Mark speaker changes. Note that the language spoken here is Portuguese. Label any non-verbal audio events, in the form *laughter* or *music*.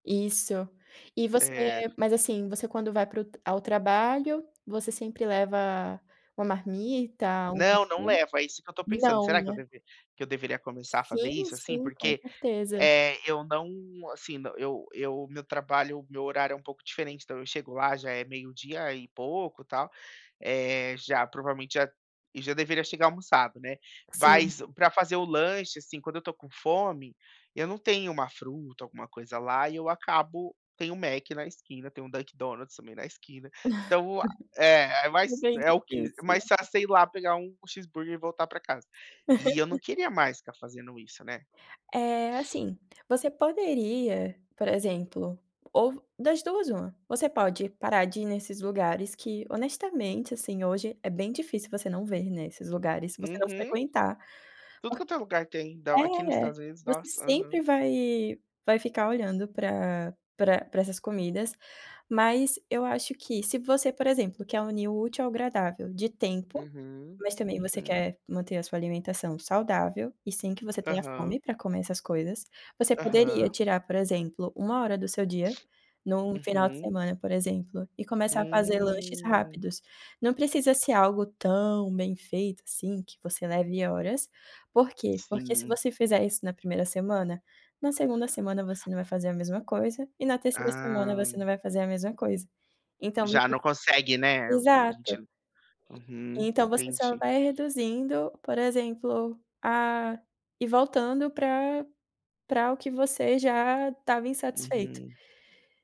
Speaker 1: Isso. E você
Speaker 2: É.
Speaker 1: mas assim, você quando vai para o tra ao trabalho, você sempre leva uma marmita, algo
Speaker 2: Não, não
Speaker 1: assim?
Speaker 2: levo, é isso que eu estou pensando.
Speaker 1: Não,
Speaker 2: Será que eu
Speaker 1: né?
Speaker 2: deve que eu deveria começar a fazer
Speaker 1: Sim,
Speaker 2: isso, assim?
Speaker 1: sim, com
Speaker 2: Porque,
Speaker 1: certeza.
Speaker 2: eh, eu não, assim, eu eu meu trabalho, meu horário é um pouco diferente, então eu chego lá já é meio-dia e pouco tal, eh já provavelmente já e já deveria chegar almoçado, né?
Speaker 1: Sim.
Speaker 2: Mas pra fazer o lanche, assim, quando eu tô com fome, eu não tenho uma fruta, alguma coisa lá, e eu acabo tem um Mac na esquina, tem um Dunkin Donuts também na esquina, então, o a é é
Speaker 1: *laughs*
Speaker 2: mais
Speaker 1: Bem
Speaker 2: é o que
Speaker 1: difícil.
Speaker 2: mais fácil você ir lá pegar um cheeseburger e voltar pra casa. E eu não
Speaker 1: *laughs*
Speaker 2: queria mais ficar fazendo isso, né.
Speaker 1: É, assim, você poderia, por exemplo, ou das duas, uma: "Você pode parar de ir nesses lugares que honestamente, assim, hoje é bem difícil você não ver, né, esses lugares se você não
Speaker 2: Uhum.
Speaker 1: frequentar".
Speaker 2: Tudo
Speaker 1: Por
Speaker 2: quanto é lugar tem Don aqui nos
Speaker 1: é,
Speaker 2: Estados Unidos.
Speaker 1: você
Speaker 2: Nossa,
Speaker 1: sempre
Speaker 2: aham.
Speaker 1: vai vai ficar olhando pra pra pra essas comidas, mas eu acho que se você, por exemplo, quer unir o útil ao agradável de tempo,
Speaker 2: Uhum.
Speaker 1: mas também você
Speaker 2: Uhum.
Speaker 1: quer manter a sua alimentação saudável e sem que você tenha fome
Speaker 2: Aham.
Speaker 1: pra comer essas coisas, você poderia
Speaker 2: Aham.
Speaker 1: tirar, por exemplo, uma hora do seu dia, num final de
Speaker 2: Uhum.
Speaker 1: semana, por exemplo, e começar a fazer lanches
Speaker 2: Hum.
Speaker 1: rápidos. Não precisa ser algo tão bem feito, assim, que você leve horas. Por quê? Porque se
Speaker 2: Sim.
Speaker 1: você fizer isso na primeira semana, na segunda semana você não vai fazer a mesma coisa e na terceira semana você
Speaker 2: Ah.
Speaker 1: não vai fazer a mesma coisa. Então.
Speaker 2: Já
Speaker 1: *unintelligible*
Speaker 2: não consegue, né? A a gente
Speaker 1: Exato.
Speaker 2: uhum,
Speaker 1: Então você só
Speaker 2: entendi.
Speaker 1: vai reduzindo, por exemplo, a e voltando pra pra o que você já estava insatisfeito.
Speaker 2: Uhum.